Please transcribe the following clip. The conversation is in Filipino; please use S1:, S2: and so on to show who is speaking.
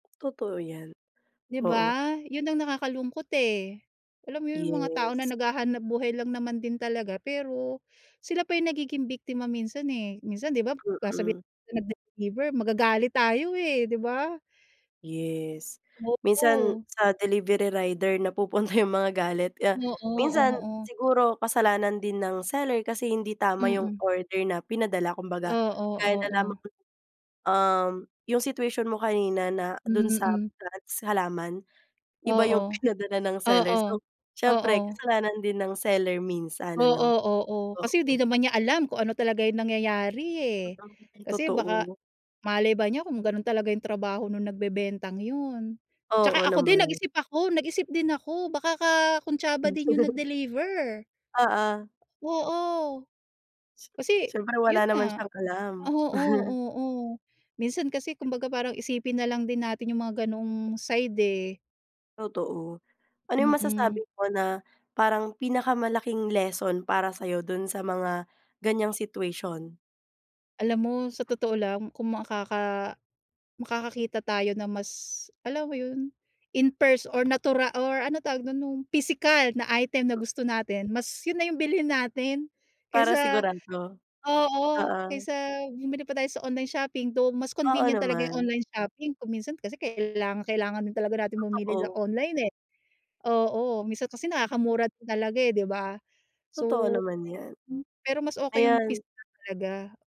S1: Totoo yan,
S2: 'Di
S1: oo.
S2: ba, 'yun ang nakakalungkot, eh, alam mo yung mga tao na
S1: Yes.
S2: naghahanap-buhay lang naman din talaga, pero, sila pa yung nagiging biktima minsan, eh. Minsan 'di ba, sasabihin
S1: Mhm.
S2: ng nag-deliver, magagalit tayo, eh, 'di ba?
S1: Yes. Minsan,
S2: Oo.
S1: sa delivery rider napupunta yung mga galit kaya,
S2: Oo,
S1: minsan,
S2: oo.
S1: siguro, kasalanan din ng seller kasi hindi tama yung
S2: Mm.
S1: order na pinadala, kumbaga,
S2: Oo,
S1: gaya na lamang
S2: oo.
S1: um, yung situation mo kanina na dun sa
S2: Mm.
S1: plants, halaman, iba yung
S2: Oo,
S1: pinadala ng seller,
S2: oo.
S1: so siyempre,
S2: Oo.
S1: kasalanan din ng seller minsan,
S2: Oo,
S1: ano?
S2: oo, kasi 'di
S1: Oo.
S2: naman niya alam kung ano talaga yung nangyayari,
S1: Totoo
S2: eh,
S1: [unintelligible]
S2: kasi baka
S1: totoo.
S2: malay ba niya kung ganun talaga yung trabaho nung nagbebentang yun, 'tsaka
S1: Oo,
S2: ako din
S1: naman.
S2: nag-isip ako, nag-isip din ako, baka kakuntsaba din yung nag-deliver.
S1: Oo.
S2: Oo. Kasi
S1: Siyempre,
S2: yun
S1: wala naman
S2: nga,
S1: siyang alam.
S2: oo, oo, minsan kasi, kumbaga, parang isipin nalang din natin yung mga ganoong side, eh.
S1: Totoo. Ano 'yung
S2: Mm.
S1: masasabi mo na parang pinakamalaking lesson para sa'yo dun sa mga ganyang situation?
S2: Alam mo, sa totoo lang, kung makaka makakakita tayo na mas, alam mo yun, in pers or, natura or, ano tawag dun? Nung pisikal na item na gusto natin, mas yun na yung bilhin natin,
S1: Para
S2: kaysa
S1: sigurado,
S2: oo,
S1: oo.
S2: kaysa bumili pa tayo sa online shopping, though mas
S1: Oo
S2: convenient talaga yung
S1: naman.
S2: online shopping kung minsan, kasi, kailangang-kailangan din talaga natin bumili sa
S1: Totoo.
S2: online, eh. Oo, minsan kasi nakakamura din talaga, eh, 'di ba?
S1: Totoo
S2: So
S1: naman 'yan.
S2: pero mas okey yung
S1: Ayan.
S2: pisikal talaga.